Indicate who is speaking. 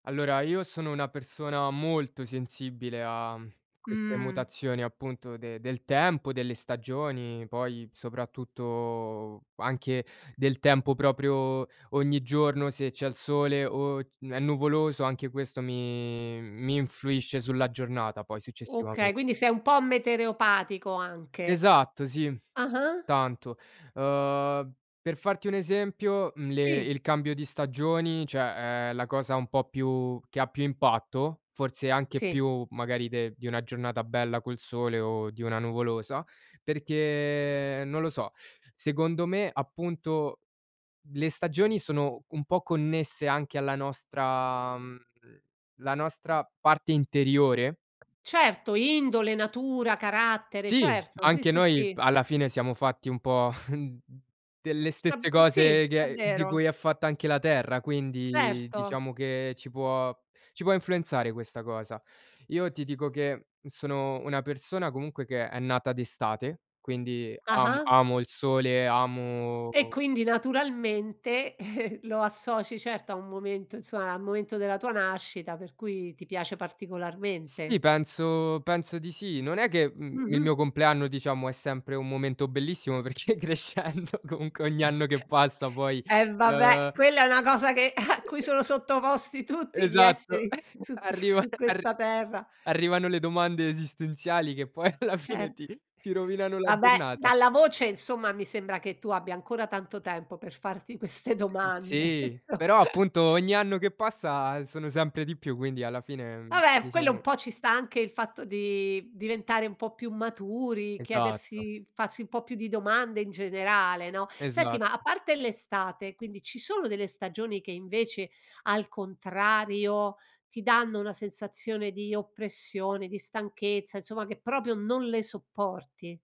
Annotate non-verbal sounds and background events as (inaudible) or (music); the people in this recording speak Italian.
Speaker 1: Allora, io sono una persona molto sensibile a mhmm, a queste
Speaker 2: Mh.
Speaker 1: mutazioni, appunto, de del tempo, delle stagioni, poi, soprattutto anche del tempo proprio ogni giorno se c'è il sole, o n è nuvoloso, anche questo mi mi influisce sulla giornata poi
Speaker 2: Okay,
Speaker 1: successivamen
Speaker 2: quindi sei un po' metereopatico anche.
Speaker 1: Esatto sì. S
Speaker 2: Ah-ah.
Speaker 1: tanto. Uhm, per farti un esempio, mhmm, le
Speaker 2: Sì.
Speaker 1: il cambio di stagioni, cioè, è la cosa un po' più che ha più impatto, forse anche
Speaker 2: Sì.
Speaker 1: più magari de di una giornata bella col sole, o di una nuvolosa, perché non lo so. Secondo me, appunto, le stagioni sono un po' connesse anche alla nostra mhmm, la nostra parte interiore.
Speaker 2: Certo, indole, natura, carattere.
Speaker 1: Sì,
Speaker 2: Certo. Sì,
Speaker 1: anche
Speaker 2: sì,
Speaker 1: noi
Speaker 2: sì.
Speaker 1: alla fine siamo fatti un po' (chuckles) delle stesse
Speaker 2: Diciam Sì,
Speaker 1: cose
Speaker 2: è
Speaker 1: che di cui
Speaker 2: vero.
Speaker 1: è fatta anche la terra, quindi
Speaker 2: Certo.
Speaker 1: diciamo che ci può ci può influenzare questa cosa. Io ti dico che, mhmm, sono una persona comunque che è nata d'estate, quindi amo
Speaker 2: Ah-ah.
Speaker 1: amo il sole, amo
Speaker 2: E, quindi naturalmente (chuckles) lo associ certo a un momento insomma, al momento della tua nascita, per cui ti piace
Speaker 1: Sì,
Speaker 2: particolarmente?
Speaker 1: penso penso di sì. Non è che, mhmm, il
Speaker 2: Mh-mh.
Speaker 1: mio compleanno diciamo è sempre un momento bellissimo perché crescendo comunque ogni anno che
Speaker 2: (chuckles)
Speaker 1: passa poi,
Speaker 2: E vabbè,
Speaker 1: uhm
Speaker 2: quella è una cosa che (chuckles) a
Speaker 1: E
Speaker 2: cui
Speaker 1: e
Speaker 2: sono sottoposti tutti gli
Speaker 1: esatto.
Speaker 2: esseri
Speaker 1: (chuckles)
Speaker 2: su q
Speaker 1: Arriva
Speaker 2: su
Speaker 1: (chuckles) arr
Speaker 2: questa terra.
Speaker 1: arrivano le domande esistenziali che poi alla fine
Speaker 2: Cert
Speaker 1: ti ti rovinano la
Speaker 2: Vabbè,
Speaker 1: giornata.
Speaker 2: dalla voce, insomma, mi sembra che tu abbia ancora tanto tempo per farti queste
Speaker 1: Mh.
Speaker 2: domande
Speaker 1: Sì. Però,
Speaker 2: cioè.
Speaker 1: appunto, ogni anno che passa sono sempre di più, quindi alla fine, ehm,
Speaker 2: Vabbè, f quello un
Speaker 1: diciamo
Speaker 2: po' ci sta anche il fatto di diventare un po' più maturi,
Speaker 1: Esatto.
Speaker 2: chiedersi farsi un po' più di domande in generale, no? Senti,
Speaker 1: Esa
Speaker 2: ma, a parte l'estate, quindi ci sono delle stagioni che, invece, al contrario, ti danno una sensazione di oppressione, di stanchezza, insomma, che proprio non le sopporti?